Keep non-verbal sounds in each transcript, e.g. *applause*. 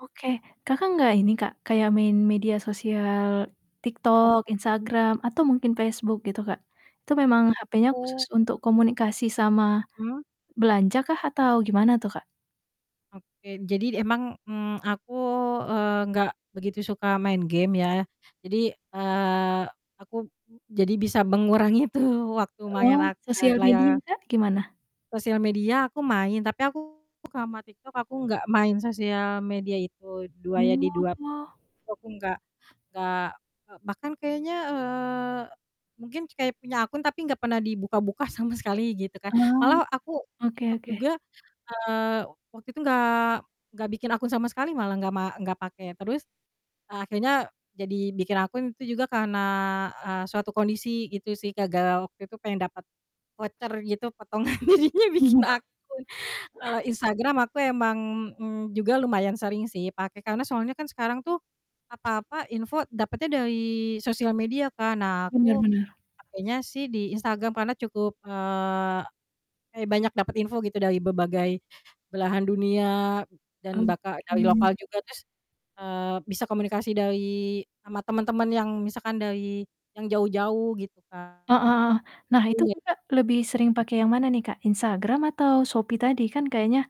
Oke Kakak nggak ini Kak kayak main media sosial Tiktok, Oke. Instagram, atau mungkin Facebook gitu Kak? Itu memang HP-nya khusus Aku untuk komunikasi sama Hmm. belanja kah atau gimana tuh Kak? Oke jadi d emang, mmm, aku, eee, nggak begitu suka main game ya jadi, eee, aku jadi bisa mengurangi itu waktu main Oh, ak eee, sosial media layar gimana? Sosial media aku main tapi aku sama TikTok aku nggak main sosial media itu 2 ya di 2, Oh. itu aku enggak enggak bahkan kayaknya eee, mungkin kayak punya akun tapi enggak pernah dibuka-buka sama sekali gitu kan. Eee. Malah aku Oke Tiktok oke. juga, eee, waktu itu nggak, nggak bikin akun sama sekali malah, nggak ma nggak pakai terus akhirnya jadi bikin akun itu juga karena, eee, suatu kondisi gitu sih, gara-gara waktu itu pengen dapet voucher gitu potongan, jadinya bikin *chuckles* akun. Kalau Instagram aku emang, mmm, juga lumayan sering sih pakai karena soalnya kan sekarang tuh apa-apa info dapatnya dari sosial media kan. Nah Benar aku benar pakainya sih di Instagram karena cukup, eee, kayak banyak dapet info gitu dari berbagai belahan dunia, dan Mmm, bakal dari hmm. lokal juga terus, eee, bisa komunikasi dari sama teman-teman yang misalkan dari yang jauh-jauh gitu Kak. Heeh heeh. Nah itu Iya. Kakak lebih sering pakai yang mana nih Kak? Instagram atau Shopee tadi? Kan kayaknya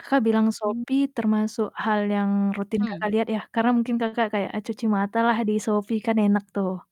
Kakak bilang Mmm. Shopee termasuk hal yang rutin Hmm. Kakak lihat ya karena mungkin Kakak kayak a cuci mata lah di Shopee kan enak tuh.